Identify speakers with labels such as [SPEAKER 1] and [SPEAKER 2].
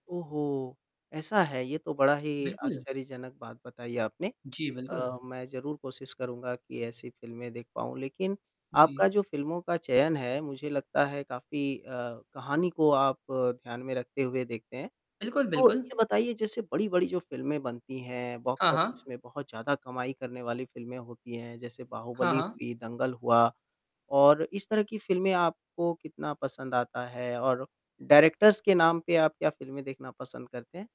[SPEAKER 1] ओहो! ऐसा है? ये तो बड़ा ही
[SPEAKER 2] बिल्कुल।
[SPEAKER 1] आश्चर्यजनक बात बताई आपने।
[SPEAKER 2] जी,
[SPEAKER 1] अ,
[SPEAKER 2] बिल्कुल।
[SPEAKER 1] मैं ज़रूर कोशिश करूँगा कि ऐसी फ़िल्में देख पाऊँ, लेक़िन
[SPEAKER 2] जी।
[SPEAKER 1] आपका जो फ़िल्मों का चयन है, मुझे लगता है काफ़ी अ, कहानी को आप ध्यान में रखते हुए देखते हैं।
[SPEAKER 2] बिल्कुल,
[SPEAKER 1] तो
[SPEAKER 2] बिल्कुल।
[SPEAKER 1] ये बताइए जैसे बड़ी-बड़ी जो फ़िल्में बनती हैं बॉक्स
[SPEAKER 2] हाँ,
[SPEAKER 1] ऑफ़िस
[SPEAKER 2] हाँ।
[SPEAKER 1] में बहुत ज़्यादा कमाई करने वाली फ़िल्में होती हैं। जैसे
[SPEAKER 2] हाँ,
[SPEAKER 1] बाहुबली
[SPEAKER 2] हाँ।
[SPEAKER 1] हुई, दंगल हुआ और इस तरह की फ़िल्में आपको कितना पसंद आता है और डायरेक्टर्स के नाम पे आप क्या फ़िल्में देखना पसंद करते हैं?